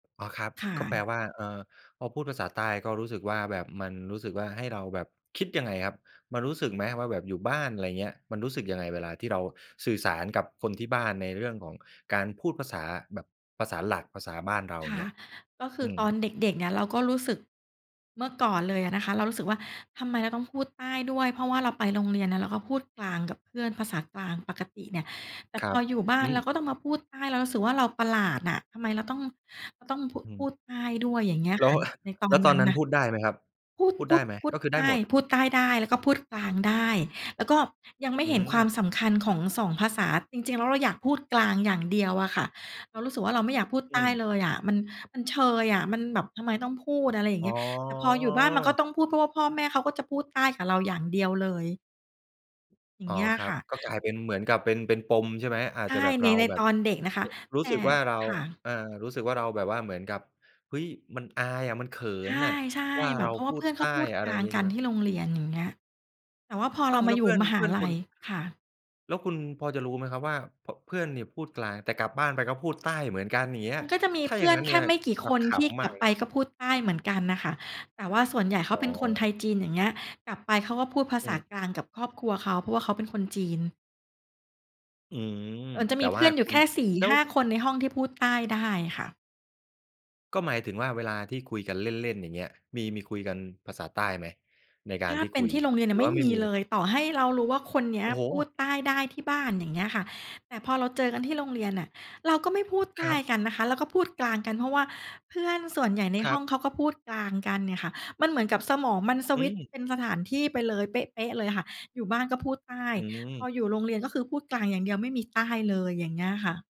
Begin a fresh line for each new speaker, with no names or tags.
อ๋อครับ
ค่
ก็แปล
ะ
ว่า เอ่อ พอพูดภาษาใต้ก็รู้สึกว่า แบบมันรู้สึกว่า ให้เราแบบ คิดยังไงครับ? มันรู้สึกไหมว่า แบบอยู่บ้าน ไรเงี้ย มันรู้สึกยังไง? เวลาที่เราสื่อสารกับคนที่บ้านในเรื่องของการพูดภาษาแบบ ภาษาหลัก ภาษาบ้านเรา
ค่
เ
ะ
งี้ย
ก็คื
อ
อ
ืม
ตอนเด็ก ๆ เนี่ยเราก็รู้สึก เมื่อก่อนเลยอะนะคะ เรารู้สึกว่า ทำไมเราต้องพูดใต้ด้วย เพราะว่าเราไปโรงเรียนน่ะ เราก็พูดกลางกับเพื่อน ภาษากลางปกติเนี่ย แต่
ค
พ
รับ
ออยู่บ้า
อ
น
ื
เรา
ม
ก็ต้องมาพูดใต้ เรารู้สึกว่า เราประหลาดน่ะ ทำไมเราต้อง เราต้องพู
อื
พ
ม
ูดใต้ด้วย อย่างเงี้ย
แล้
ค่
ว
ะ ในตอ
แล้
น
วต
น
อ
ั้
น
น
นั้น
นะ
พูดได้ไหมครับ?
พูด
พูด
พ
ไ
ู
ด้
ด
ไหม?
พู
ก
ด
็คือ
ใ
ได้
ต้
หมด?
พูดใต้ได้ แล้วก็พูดกลางได้ แล้วก็ยังไม่
อื
เห็นค
ม
วามสำคัญของ 2 ภาษา จริง ๆ แล้ว เราอยากพูดกลางอย่างเดียวอะค่ะ เรารู้สึกว่า เราไม่อยากพูด
อื
ใต้
ม
เลยอะ มัน มันเชยอะ มันแบบทำไมต้องพูด อะไรอย่าง
อ
เง
๋
ี้ย แต่พออยู่บ้านมันก็
อ
ต้องพูด เพราะว่าพ่อแม่เขาก็จะพูดใต้กับเราอย่างเดียวเลย อย่า
อ
ง
๋อ
เงี้ย
ครั
ค
บ
่ะ
ก็กลายเป็น เหมือนกับเป็น เป็นปม ใช่ไหม? อา
ใช
จ
่
จะแบบ
ใน
เรา
ใน
แบ
ต
บ
อนเด็กนะคะ
ร ร
แ
ู
ต
้
่
สึกว่า เรา
ค่ะ
อา รู้สึกว่า เราแบบว่าเหมือนกับ เฮ้ย มันอายอะ มันเขิ
ใช
นน่ะ
่
ว่า
ๆ แบ
เร
บ
า
เพราะว
พ
่า
ู
เพ
ด
ื่อน
ใต
เขา
้
พูด
อ
ก
ะไ
ล
ร
าง
งี้
ก
ใช
ั
่
น
ไหม?
ที่โรงเรียน อย่างเงี้ย แต่ว่าพอ
อ
เ
้
ร
า
า
ว
ม
แ
า
ล้
อ
ว
ยู
เ
่
พื่อน
มห
เพ
า
ื่อน
ลั
คุ
ย
ณ
ค่ะ
แล้วคุณพอจะรู้ไหมครับ? ว่า พ เพื่อนเนี่ยพูดกลาง แต่กลับบ้านไปก็พูด ใต้เหมือนกัน อย่างเงี้
ม
ย
ันก็จะมี
ถ้า
เพ
อย
ื
่า
่
ง
อ
ง
น
ั้น
แ
เน
ค
ี่
่
ย
ไม่กี่
เร
ค
า
น
ข
ที่
ำ
ก
ม
ล
า
ั
ก
บ
เลย
ไป
นะ
ก็พูดใต้เหมือนกันน่ะค่ะ แต่ว่าส่วนใหญ่เขา
อ๋
เป็นคนไท
อ
ย-จีน อย่างเงี้ย กลับไปเขาก็พูดภา
อื
ษา
ม
กลางกับครอบครัวเขา เพราะว่าเขาเป็นคนจีน
อืม
เอิ๋น จะ
แต
ม
่
ีเพ
ว่า
ื่อนอย
ค
ู่
ุ
แค
ณ
่ สี่
แล้
ห
ว
้า คนในห้องที่พูดใต้ได้ค่ะ
ก็หมายถึงว่า เวลาที่คุยกันเล่น ๆ อย่างเงี้ย มี มีคุยกันภาษาใต้ไหม? ในก
ถ
าร
้า
ที่
เป็
คุ
น
ย
ที่โรงเรียนเ
หร
นี่
ื
ย
อ
ไม
ว่
่
าไม่
มี
มีเ
เ
ล
ล
ย?
ย ต่อให้เรารู้ว่า คนเนี้ย
โอ้โ
พู
ฮ!
ดใต้ได้ที่บ้าน อย่างเงี้ยค่ะ แต่พอเราเจอกันที่โรงเรียนน่ะ เราก็ไม่พูดใ
ค
ต
ร
้
ับ
กันนะคะ เราก็พูดกลางกัน เพราะว่าเพื่อนส่วนใหญ่ใน
คร
ห้
ั
อ
บ
งเขาก็พูดกลางกันเนี่ยค่ะ มันเหมือนกับสมองมันส
อื
วิตช์
ม
เป็นสถานที่ไปเลย เป๊ะ ๆ เลยค่ะ อยู่บ้านก็พูดใต้
อื
พอ
ม
อยู่โรงเรียนก็คือพูดกลางอย่างเดียว ไม่มีใต้เลย อย่างเงี้ยค่ะ